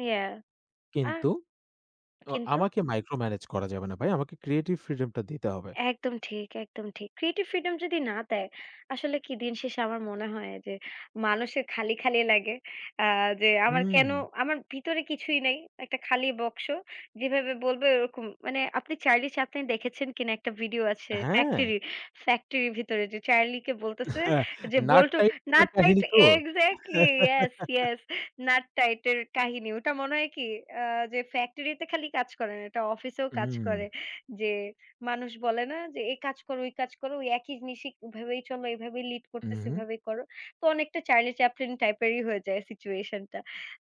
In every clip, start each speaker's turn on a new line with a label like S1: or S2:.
S1: ইয়া। আ
S2: কিন্তু তো
S1: কিন্তু
S2: আমাকে মাইক্রো ম্যানেজ করা যাবে না ভাই। আমাকে ক্রিয়েটিভ ফ্রিডম টা দিতে হবে।
S1: একদম ঠিক, একদম ঠিক। ক্রিয়েটিভ ফ্রিডম যদি না দেয়, আসলে কি দিন শেষে আমার মনে হয় যে মানুষের খালি, খালি লাগে। আ যে আমার কেনো
S2: হুম।
S1: আমার ভিতরে কিছুই নাই। একটা খালি বক্স, যেভাবে বলবে ওরকম মানে আপনি চার্লি চ্যাপলিন দেখেছেন কিনা একটা ভিডিও আছে
S2: হ্যাঁ।
S1: ফ্যাক্টরির। ফ্যাক্টরির ভিতরে যে চার্লিকে বলতেছে যে,
S2: নাট
S1: "বোল্ট
S2: টাইট করার
S1: নাট টাইট"
S2: কাহিনী তো?
S1: Exactly yes, yes nut tight এর কাহিনী। ওটা মনে হয় কি আ যে ফ্যাক্টরিতে খালি কাজ করে না। এটা অফিসেও কাজ
S2: হুম।
S1: করে। যে মানুষ বলে না যে, "এই কাজ কর, ওই কর কাজ করো। ওই একই জিনিসই ভেবেই চল, এইভাবেই লিড করতেসে,
S2: উহুম।
S1: এভাবেই করো।" তো অনেকটা চার্লি চ্যাপলিন টাইপেরই হয়ে যায় সিচুয়েশন টা।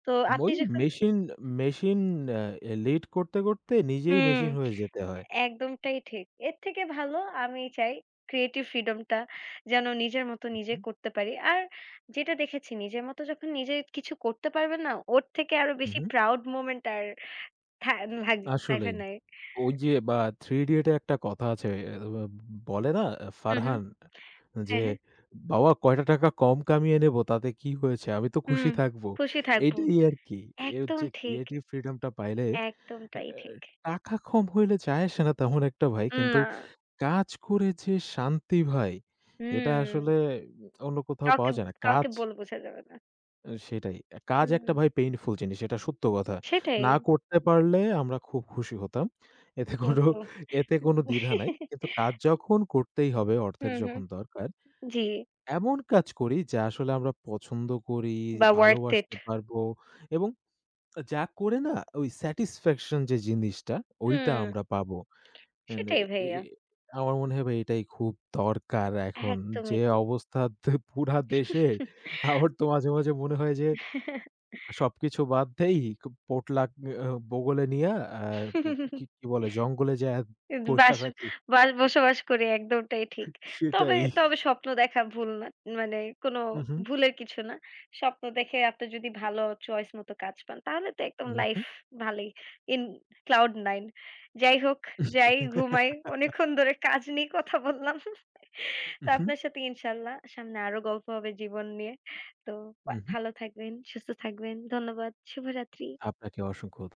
S1: তো আপনি
S2: ওই
S1: যখন
S2: মেশিন, মেশিন আ লিড করতে, করতে নিজেই
S1: হুম,
S2: মেশিন হয়ে যেতে হয়।
S1: একদমটাই ঠিক। এর থেকে ভালো আমি চাই ক্রিয়েটিভ ফ্রিডম টা যেন নিজের মতো নিজে
S2: উহুম।
S1: করতে পারি। আর যেটা দেখেছি নিজের মতো যখন নিজে কিছু করতে পারবেন না, ওর থেকে আরো
S2: হুম,
S1: বেশি
S2: হুম।
S1: প্রাউড মোমেন্ট আর থা লাগ লাইফে
S2: আসলেই
S1: নাই।
S2: ওই যে বা '3 Idiot' এ একটা কথা আছে। এ এ বা বলে না
S1: হুম, হুম।
S2: ফারহান যে,
S1: হ্যাঁ, হ্যাঁ।
S2: "বাবা কয়টা টাকা কম কামিয়ে নেব তাতে কি হয়েছে? আমি তো
S1: হুম,
S2: খুশি থাকব।"
S1: খুশি থাকব।
S2: এইটাই আরকি। এই
S1: একদম
S2: যে
S1: ঠিক।
S2: ক্রিয়েটিভ ফ্রিডম টা পাইলে এ
S1: একদম তাই ঠিক।
S2: টাকা কম হইলে যায় আসে না তেমন একটা ভাই।
S1: উম
S2: কিন্তু
S1: না।
S2: কাজ করে যে শান্তি ভাই, এটা
S1: হুম।
S2: আসলে অন্য কোথাও
S1: কাউকে
S2: পাওয়া
S1: ব
S2: যায় না।
S1: কাউকে
S2: কাজ
S1: বলে বোঝা যাবে না।
S2: ও সেটাই। আ কাজ একটা
S1: হুম।
S2: ভাই পেইনফুল জিনিস। এটা সত্য কথা।
S1: সেটাই।
S2: না করতে পারলে আমরা খুব খুশি হতাম। এতে কোনো
S1: কিন্তু।
S2: এতে কোনো দ্বিধা নাই। কিন্তু কাজ যখন করতেই হবে, অর্থের
S1: হুম, হুম।
S2: যখন দরকার।
S1: জি।
S2: এমন কাজ করি যা আসলে আমরা পছন্দ করি,
S1: বা ওয়ার্থ ইট।
S2: ভালোবাসতে পারবো এবং যা করে না ওই স্যাটিসফ্যাকশন যে জিনিসটা ওইটা
S1: হুম।
S2: আমরা পাবো। এন এ
S1: সেটাই
S2: এ
S1: ভাইয়া।
S2: আমার মনে হয় ভাই এটাই খুব দরকার এখন
S1: একদমই
S2: যে
S1: ঠিক।
S2: অবস্থাতে পুরা দেশের আমার তো মাঝে, মাঝে মনে হয় যে সবকিছু বাদ দেই পটলাক আ বগলে নিয়া আ কি বলে জঙ্গলে যাইয়া
S1: এই দ
S2: বইসা
S1: বাস
S2: থাকি।
S1: বাস বসবাস করি একদমটাই ঠিক। তবে
S2: সেটাই।
S1: তবে স্বপ্ন দেখা ভুল না। মানে কোনো
S2: হুম, হুম।
S1: ভুলের কিছু না। স্বপ্ন দেখে আপনার যদি ভালো চয়েস মতো কাজ পান তাহলে তো একদম
S2: উম
S1: লাইফ
S2: হুম।
S1: ভালোই ইন ক্লাউড 9 যাই হোক যাই ঘুমাই। অনেকক্ষণ ধরে কাজ নিয়ে কথা বললাম।
S2: উ
S1: তো
S2: হুম।
S1: আপনার সাথে ইনশাআল্লাহ সামনে আরও গল্প হবে জীবন নিয়ে। তো
S2: উ
S1: বা
S2: হুম।
S1: ভালো থাকবেন, সুস্থ থাকবেন। ধন্যবাদ। শুভরাত্রি।
S2: আপনাকে অসংখ্য ধ